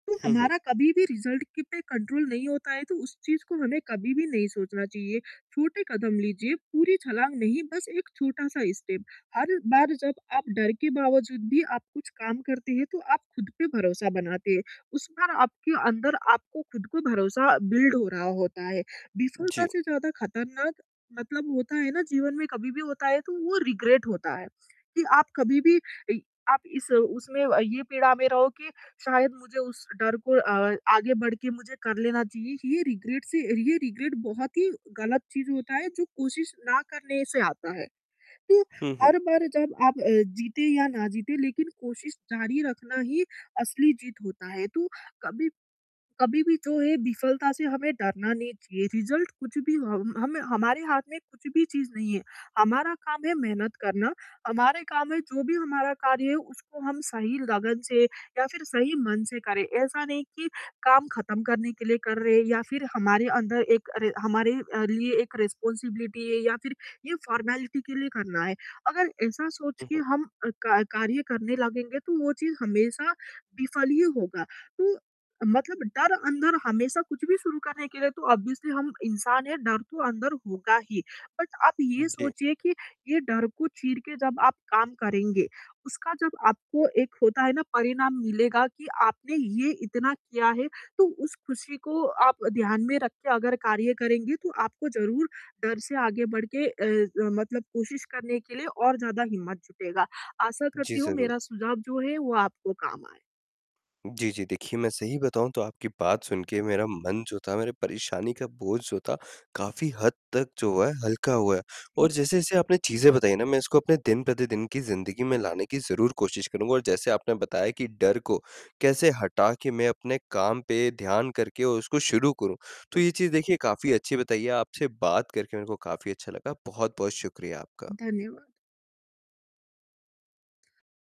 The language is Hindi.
हुँ, हुँ। हमारा कभी-भी रिज़ल्ट के पे कंट्रोल नहीं होता है तो उस चीज़ को हमें कभी-भी नहीं सोचना चाहिए, छोटे कदम लीजिए, पूरी छलाँग नहीं, बस एक छोटा-सा स्टेप हर बार जब आप डर के बावजूद भी आप कुछ काम करते हैं तो आप ख़ुद पे भरोसा बनाते हैं, उस बार आपके अंदर आपको ख़ुद को भरोसा बिल्ड हो रहा होता है। विफ़लता जी। से ज़्यादा खतरनाक मतलब होता है ना जीवन में कभी भी होता है तो वो रिग्रेट होता है, कि आप कभी भी इ आप इस उसमें ये पीड़ा में रहो कि शायद मुझे उस डर को आ आगे बढ़ के मुझे कर लेना चाहिए, ये रिग्रेट से ये रिग्रेट बहुत ही ग़लत चीज़ होता है जो कोशिश ना करने से आता है, तो हुँ, हुँ। हर बार जब अ, आप जीतें या ना जीतें लेक़िन कोशिश जारी रखना ही असली जीत होता है, तो कभी कभी-भी जो है विफ़लता से हमें डरना नहीं चाहिए रिज़ल्ट कुछ भी हमें हमारे हाथ में कुछ भी चीज़ नहीं है, हमारा काम है मेहनत करना, हमारा काम है जो भी हमारा कार्य है उसको हम सही लगन से या फ़िर सही मन से करें, ऐसा नहीं कि काम ख़त्म करने के लिए कर रहे हैं या फ़िर हमारे अंदर एक हमारे लिए एक रिस्पॉन्सिबिलिटी है या फ़िर ये फॉर्मेलिटी के लिए करना है। अगर ऐसा सोच के उहुँ। हम का कार्य करने लगेंगे तो वो चीज़ हमेशा विफ़ल ही होगा, तो मतलब डर अंदर हमेशा कुछ भी शुरू करने के लिए तो ऑब्वियसली हम इंसान हैं डर तो अंदर होगा ही बट आप ये जी। सोचिए कि ये डर को चीर के जब आप काम करेंगे उसका जब आपको एक होता है ना परिणाम मिलेगा कि आपने ये इतना किया है, तो उस खुशी को आप ध्यान में रख के अगर कार्य करेंगे तो आपको ज़रूर डर से आगे बढ़ के अ, मतलब कोशिश करने के लिए और ज़्यादा हिम्मत जुटेगा। आशा जी, करती हूँ ज़रूर। मेरा सुझाव जो है वो आपको काम आए। जी, जी। देखिए मैं सही बताऊँ तो आपकी बात सुन के मेरा मन जो था, मेरे परेशानी का बोझ जो था, काफ़ी हद तक जो है हल्का हुआ है और हुँ। जैसे-जैसे आपने चीज़ें बताई ना मैं इसको अपने दिन-प्रतिदिन की ज़िंदगी में लाने की ज़रूर कोशिश करूँगा और जैसे आपने बताया कि डर को कैसे हटा के मैं अपने काम पे ध्यान करके और उसको शुरू करूँ, तो जी। ये चीज़ देखिए काफ़ी अच्छी बताई है। आपसे बात करके मेरे को काफ़ी अच्छा लगा, बहुत-बहुत शुक्रिया आपका। धन्यवाद।